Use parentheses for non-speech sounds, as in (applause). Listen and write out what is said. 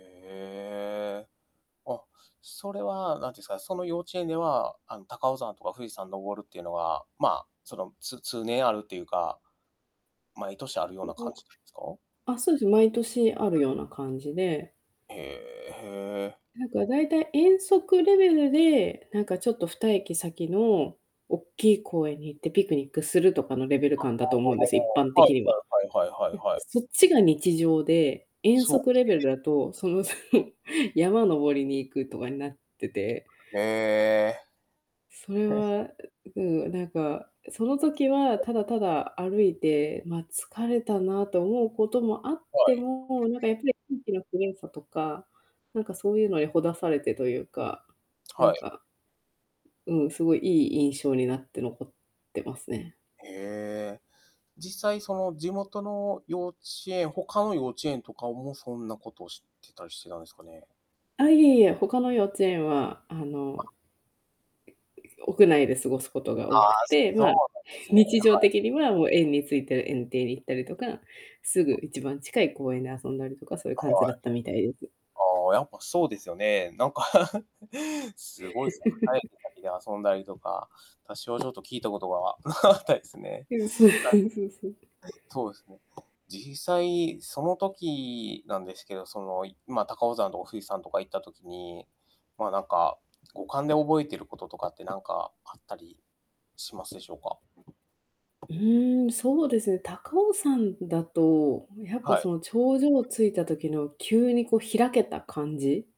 へえ。あ、それはなんていうんですか、その幼稚園では、あの、高尾山とか富士山登るっていうのは、まあ、その、つ通年あるっていうか。毎年あるような感じなん (unintelligible) ですか？あ、そうですね、毎年あるた。ような感じで。へえへえ。なんか、大体遠足レベルで、なんか、ちょっと2駅先の、おっきい公園に行ってピクニックするとかのレベル感だと思うんでえっ、すよ、一般あ、はいはいは的い、にどうは。も、はい、そう、はいはいはいで、はい。そっちが日常で、遠そう。足レベル (unintelligible) だと、その (laughs) 山登りに行くとかになっててへえ。それはい。は、うん、なんか、その時ははい。ただただ歩いて、ま、疲れたなと思うこともあっはてい。も、なんか、やっぱり空気のきれいさとか、なんかそういうのにほだされてというか、なはんい。かうん、すごいいい印象になって残ってますね。へえ。実際その地元の幼稚園他の幼稚園とかもそんなことをしてたりしてたんですかね？あ、いえいえ、他の幼稚園はああ。の屋内で過ごすことあが多くっあ、て、そうま、なんですね。はい。日常的にはもう園について園庭に行ったりとか、すぐあ。一番近い公園で遊んだりとか、そういうあ、感じだはい。ったみたいです。ああ、やっぱそうですよね。なんか (laughs) すごいすね、はい、(laughs) (unintelligible) で遊んだりとか、私はちょっと聞いたことがなかったですね。はい。はい、うん、そうそうそうそう。そうですね。実際、その時なんですけど、その、いま、高尾山とか富士山とか行った時に、ま、なんか、五感で覚えていることとかって、なんか、あったりしますでしょうか？うーん、そうですね、高尾山だと、やっはぱい。その、頂上着いた時の、急にこう開けた感じ